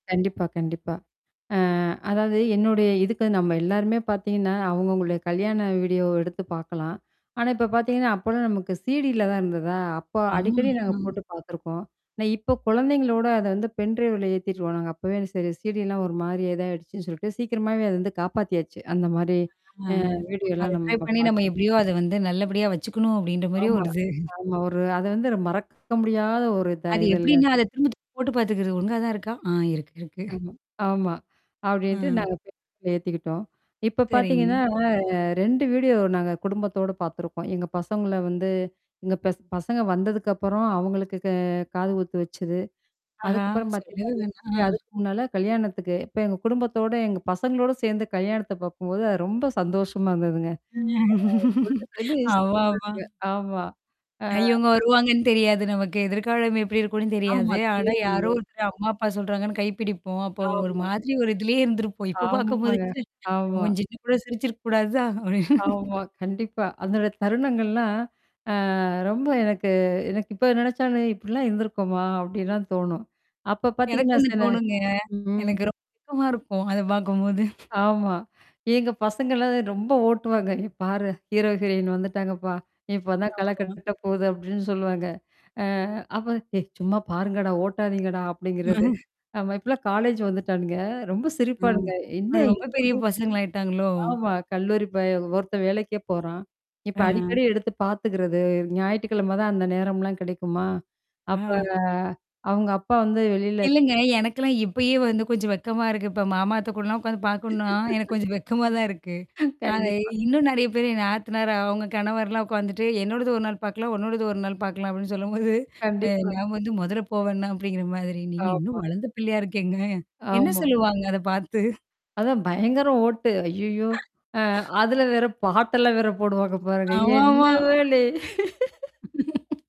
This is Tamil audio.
கண்டிப்பா, கண்டிப்பா. அ அதாவது என்னுடைய இதுக்கு நம்ம எல்லாருமே பார்த்தீங்கன்னா, அவுங்க அவங்களுடைய கல்யாண வீடியோ எடுத்து பார்கலாம். ஆனா, இப்ப பார்த்தீங்கன்னா, அப்போலாம் நமக்கு சிடில தான் இருந்ததா? அப்போ ஆமா, அடிக்கடி நாங்க ம். போட்டு பார்த்துருக்கோம். ஆனா இப்போ குழந்தைங்களோட அத வந்து பென் டிரைவல ஏத்திட்டுருவானுங்க. அப்பவே சரி சீடிலாம் ஒரு மாரியேயிடுச்சுன்னு சொல்லிட்டு சீக்கிரமாவே அது வந்து காப்பாத்தியாச்சு. அந்த மாரி. அ அ வீடியோலாம் ட்ரை நம்ம பண்ணி நம்ம பார்கணும். எப்டியோ அத வந்து நல்லபடியா வச்சுக்கணும் அப்டின்ற மாரியோ ஆமா. ஒரு இது. ஆமா. ஒரு அது வந்து மறக்க முடியாத ஒரு இதா அது இதுல்ல. எப்டின்னா, அத திரும்ப திரும்ப போட்டு பார்த்துக்குது ஒழுங்கா தான் இருக்கா? ஆ இருக்கு இருக்கு. ஆமா ஆமா. அப்டின்ட்டு ம். நாங்க பென்ட்ரைவ்ல ஏத்திக்கிட்டோம். இப்ப பார்த்தீங்கன்னா சரிங்க. வீடியோ நாங்க குடும்பத்தோடு பார்த்துருக்கோம். எங்க பசங்கள வந்து எங்க பச பசங்க வந்ததுக்கப்புறம் அவங்களுக்கு க காது குத்து வச்சது. ஆஹா! அதுக்கப்புறம் பார்த்தீங்கன்னா, சொல்லவே வேணா இதுமாரி ஆ. அதுக்கு முன்னால கல்யாணத்துக்கு. இப்ப எங்க குடும்பத்தோட எங்க பசங்களோட சேர்ந்து கல்யாணத்த பார்க்கும்போது அது ரொம்ப சந்தோஷமா இருந்ததுங்க. அது [unintelligible] ஆமாமா. சங்க. ஆமா. ஆ. ஐ இவங்க வருவாங்கன்னு தெரியாது நமக்கு, எதிர்காலம் எப்டி இருக்கும்னு ஆமா. தெரியாது. ஆனா யாரோ தெரியாதுங்க. ஒருத்தர் அம்மா அப்பா சொல்றாங்கன்னு கைப்பிடிப்போம். அப்போ ஒரு ஆமா. மாதிரி ஒரு இதிலேயே இருந்திருப்போம். இப்ப ஆமாங்க. பார்க்கும்பதுச்சு. ச்ச, ஆமா. அவங்க சின்ன கூட சிரிச்சிருக்கக்கூடாதா? அப்டின்னு. ஆமா. கண்டிப்பா. அதனுட தருணங்கள்லாம் ஆ ரொம்ப எனக்கு எனக்கு இப்ப நெனச்சானு இப்டிலாம் இருந்திருக்கோமா? அப்டின்லாம் தோணும். அப்ப எனக்கு பார்த்தீங்கன்னா ஒண்ணு சொன்னே. தோணுங்க. ம். எனக்கு ரொக்கமா இருக்கும். அத பார்க்கும்போது. ஆமா. எங்க பசங்கலா ரொம்ப ஓட்டுவாங்க. "ஏ பாரு ஹீரோஹிரன் வந்துட்டாங்கப்பா. நீ இப்ப தான் கல ஆமா. கட்ட போது" அப்டின்னு சொல்லுவாங்க. அ அப்ப ஏய்! சும்மா பாருங்கடா ஓட்டாதீங்கடா! அப்டிங்கிறது. ஆமா. இப்பலாம் காலேஜ் வந்துட்டானுங்க. ரொம்ப ம். சிரிப்பானுங்க. அ என்ன ரொம்ப பெரிய இப்டி? பசங்கள ஆாயிட்டாங்களோ! ஆமா. கல்லூரி பய ஒருத்தன் வேலைக்கே போறான். இப்ப ஆஹ. அடிக்கடி எடுத்து பார்த்துக்கிறது. ஞாயிற்றுக்கிழமை தான் அந்த நேரம்லாம் கிடைக்குமா? அப்ப ஆ. அவங்க அப்பா வந்து வெளில இ இல்லங்க. எனக்கெல்லாம் இப்பயே வந்து கொஞ்சம் வெக்கமா இருக்கு. இப்ப மாமா அத்த கூடலாம் உட்காந்து பார்க்கணுனா, எனக்கு கொஞ்சம் வெக்கமா தான் இருக்கு. அ கண்டிப்பா. இன்னும் நெறைய பேரு என் நாத்தனார் அவங்க கணவர்லாம் உட்காந்துட்டு என்னோடது ஒரு நாள் பார்க்கலாம், உன்னோடது ஒரு நாள் பார்க்கலாம் அப்டின்னு சொல்லும்போது அ கண்டிப்பா. நான் வந்து முதல்ல போவேணா அப்டிங்கிற மாதிரி. நீங்க இன்னும் ஆமா. வளர்ந்த பிள்ளையா இருக்கேங்க. என்ன ஆமா. சொல்லுவாங்க அத பார்த்து? அதான் பயங்கரம் ஓட்டு. ஐயய்யோ! அ அதுல வேற பாட்டெல்லாம் வேற போடுவாங்க பாருங்க, அமாமா. என்னவளே?